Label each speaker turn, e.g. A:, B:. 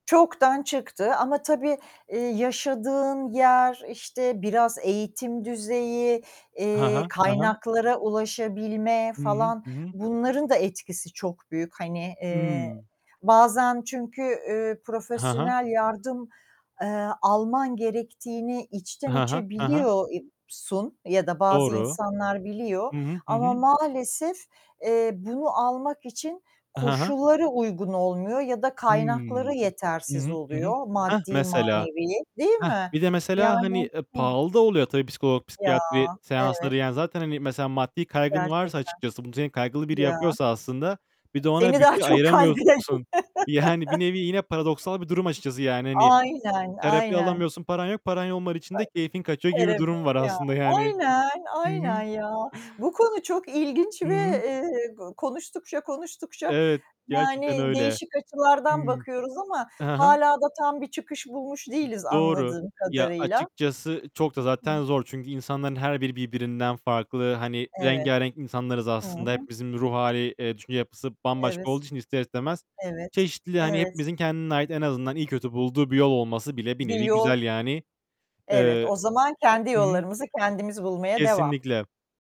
A: Çoktan çıktı ama tabii, eee, yaşadığın yer, işte biraz eğitim düzeyi,
B: Hı
A: eee,
B: hı, hı hı.
A: kaynaklara ulaşabilme
B: Hı hı,
A: falan,
B: hı hı.
A: bunların da etkisi çok büyük, hani,
B: Hıı.
A: eee, bazen çünkü, üüü,
B: Ha ha.
A: profesyonel yardım, eee, alman gerektiğini
B: He
A: içten
B: he.
A: içe
B: He he.
A: biliyor eb sun ya da bazı
B: Doğru.
A: insanlar biliyor
B: Hı hı. Hı
A: ama
B: hı.
A: maalesef, eee, bunu almak için
B: Hı hı.
A: koşulları uygun olmuyor ya da
B: Hıı.
A: kaynakları
B: Hı
A: yetersiz
B: hı, hı hı.
A: oluyor,
B: Hah,
A: maddi
B: mesela.
A: manevi, değil
B: Hah,
A: mi?
B: bir de mesela, hani,
A: Yani,
B: eee,
A: hı
B: pahalı da oluyor tabii psikolog,
A: Ya,
B: psikiyatri seansları.
A: evet.
B: Yani zaten, hani, mesela maddi kaygın varsa
A: Gerçekten.
B: açıkçası, bunu senin kaygılı biri
A: Ya.
B: yapıyorsa aslında, bir de ona
A: Seni daha
B: bütçe
A: çok kayde
B: ayıramıyorsun. Yani bir nevi, yine paradoksal bir durum açıkçası yani. Hani,
A: Aynen,
B: terapi
A: aynen.
B: alamıyorsun, paran yok. Paran olmadığı için de
A: Ay
B: keyfin kaçıyor gibi bir
A: Terapi
B: durum var
A: ya.
B: aslında yani.
A: Aynen,
B: Hı
A: aynen
B: hı.
A: ya. Bu konu çok ilginç
B: Hı
A: ve,
B: hı.
A: eee, go konuştukça konuştukça,
B: Evet, gerçekten
A: yani
B: öyle.
A: değişik açılardan
B: Hıı.
A: bakıyoruz ama
B: Hı hı.
A: hâlâ da tam bir çıkış bulmuş değiliz
B: Doğru.
A: anladığım
B: Ya
A: kadarıyla.
B: açıkçası çok da zaten
A: [unintelligible]
B: zor. Çünkü insanların her biri birbirinden farklı. Hani
A: Evet.
B: rengârenk insanlarız
A: Hı
B: aslında.
A: hı.
B: Hepimizin bir ruh hâli, eee, düşünce yapısı bambaşka
A: Evet.
B: olduğu için ister istemez,
A: Evet.
B: çeşitli, hani,
A: Evet.
B: hepimizin kendine ait, en azından iyi kötü bulduğu bir yol olması bile bir
A: Bir
B: nevi
A: yol
B: güzel yani.
A: Evet
B: Eee
A: o zaman kendi
B: Hı hı.
A: yollarımızı kendimiz bulmaya devam.
B: Kesinlikle.